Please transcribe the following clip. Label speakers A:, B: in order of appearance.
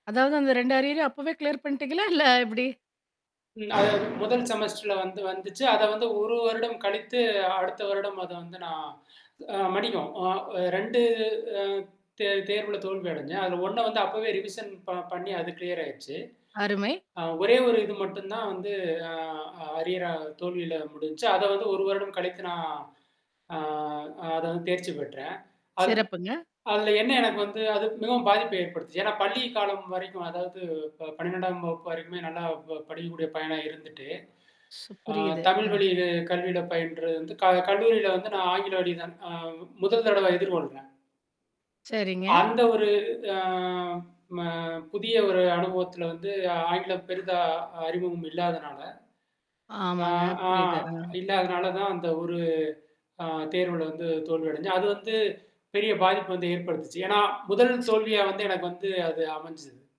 A: அதாவது அந்த 2 அரியரையும் அப்பவே கிளியர் பண்ணிட்டீங்களா இல்ல எப்படி?
B: அது முதல் செமஸ்டர்ல வந்து வந்துச்சு அத வந்து 1 வருடம் கழித்து அடுத்த வருடம் அத வந்து நான் மதிகம் அ 2 ஆ தே தேர்வில தோல்வி அடைஞ்சேன். அதில ஒண்ண வந்து அப்போவே ரிவிஷன் ப பண்ணி அது கிளியர் ஆயிருச்சு.
A: அருமை.
B: ஆ ஒரே ஒரு இது மட்டும் தான் வந்து ஆ அரியர் தோல்வியில முடிஞ்சுச்சு அத வந்து 1 வருடம் கழித்து நான் ஆ அத வந்து தேர்ச்சி பெற்றேன். அது
A: சிறப்புங்க.
B: அதுல என்ன எனக்கு வந்து அது மிகவும் பாதிப்ப ஏற்படுத்துது. ஏன்னா பள்ளி காலம் வரைக்கும் அதாவது 12 வகுப்பு வரைக்குமே நல்லா ப படிக்கக்கூடிய பையனா இருந்துட்டு. ஆ
A: புரியுது.
B: தமிழ்
A: ஆ.
B: வழி கல்வியில பயின்றது வந்து க கல்லூரியில வந்து நான் ஆங்கில வழி தான் முதல் தடவ எதிர்கொள்றேன்.
A: சரிங்க.
B: அந்த ஒரு ஆ ம புதிய ஒரு அனுபவத்துல வந்து ஆங்கிலம் பெரிதா அறிமுகம் இல்லாதுனால, ஆ
A: ஆமாங்க
B: ஆ
A: புரியுது. ஆ.
B: இல்லாதனால தான் அந்த ஒரு ஆ தேர்வுல வந்து தோல்வி அடைந்தேன். அது வந்து பெரிய பாதிப்பு வந்து ஏற்படுத்துச்சு. ஏன்னா முதல் தோல்வியா வந்து எனக்கு வந்து அது அமைஞ்சுது.